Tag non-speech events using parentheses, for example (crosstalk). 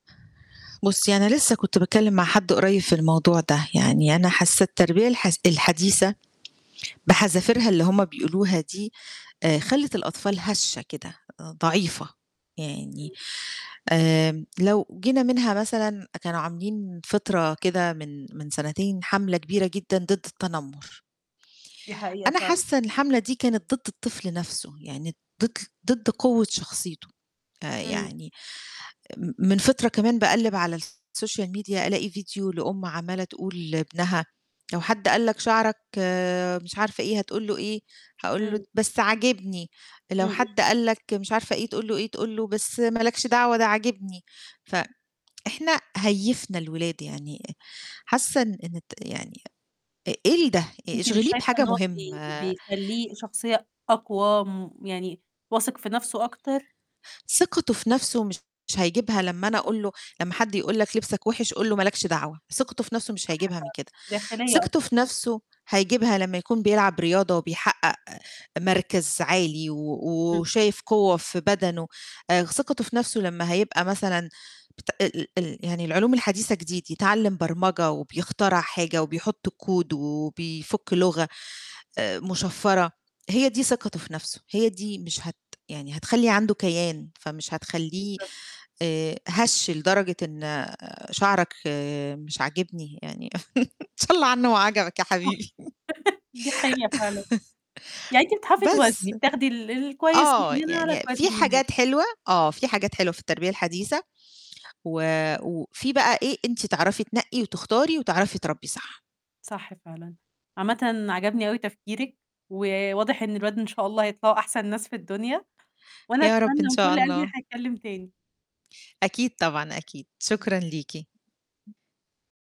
بُصّي أنا لسه كنت باتكلّم مع حد قريب في الموضوع ده، يعني أنا حاسة التربية الحس الحديثة بحذافِيرها اللي هُم بيقولوها دي آآ خلّت الأطفال هشة كده، آآ ضعيفة، يعني إمم. آمم، لو جينا منها مثلًا آآ كانوا عاملين فِطرة كده من من سنتين حملة كبيرة جدًا ضِد التنمُر. دي حقيقة أنا فعلًا. حاسّة إن الحملة دي كانت ضِد الطفل نفسه يعني ضِد ضِد قوة شخصيته. آآ امم. يعني م من فِطرة كمان باقلِّب على الsocial media ألاقي فيديو لأُم عمّالة تقول لابنها: لو "حد قال لك شعرك مش عارفة إيه، هتقول له إيه؟ هاقول له إمم. د بس عاجبني، لو امم، امم. حد قال لك مش عارفة إيه تقول له إيه؟ تقول له بس ما لكش دعوة ده عاجبني." ف إحنا هيِّفنا الولاد يعني آآ حاسة إن إن الت يعني آآ إيه ال ده؟ آآ أنتِ مش اشغليه شايفة بحاجة إن هو بي مُهمة. بيخلّيه شخصية أقوى م يعني واثِق في نَفسه أكتر؟ ثقته في نَفسه مش هيجيبها لمّا أنا أقول له، لمّا حد يقول لك لِبسك وِحش قل له ما لكش دعوة، ثقته في نَفسه مش صح هيجيبها من فعلًا، كده. داخلية ثقته أكتر. في نَفسه هيجيبها لمّا يكون بيلعب رياضة وبيحقق مركز عالي و إمم. وشايف قوة في بدنه. آآ خ ثقته في نَفسه لمّا هيبقى مثلًا بت ال ال ال يعني العلوم الحديثة جديد، يتعلّم برمجة وبيخترع حاجة وبيحُط code وبيفُك لُغة آآ مُشفرة، هي دي ثقته في نَفسه، هي دي مش هت يعني هتخلّي عنده كيان فمش هتخلّيه بالضبط. آآ هَش لدرجة إن شعرك مش عاجبني، يعني (chuckles) إن شا الله عنه ما صح. عجبك يا حبيبي. (laughs) دي حقيقة فعلًا. يعني أنتِ بتعرفي توازني بس بتاخدي ال الكويس من آه، هنا على يعني الكويس في من هناك. حاجات حلوة آه، في حاجات حلوة في التربية الحديثة وفي بقى إيه، أنتِ تعرفي تنقي وتختاري وتعرفي تربّي صح. صح فعلًا. عامةً عَجَبني أوي تفكيرِك وواضح إن الولاد إن شاء الله هيطلعوا أحسن ناس في الدنيا، وأنا يا رب أتمنى إن من شاء كُل قلبي إن الله. إحنا نتكلّم تاني. أكيد طبعًا أكيد، شكرًا ليكِ.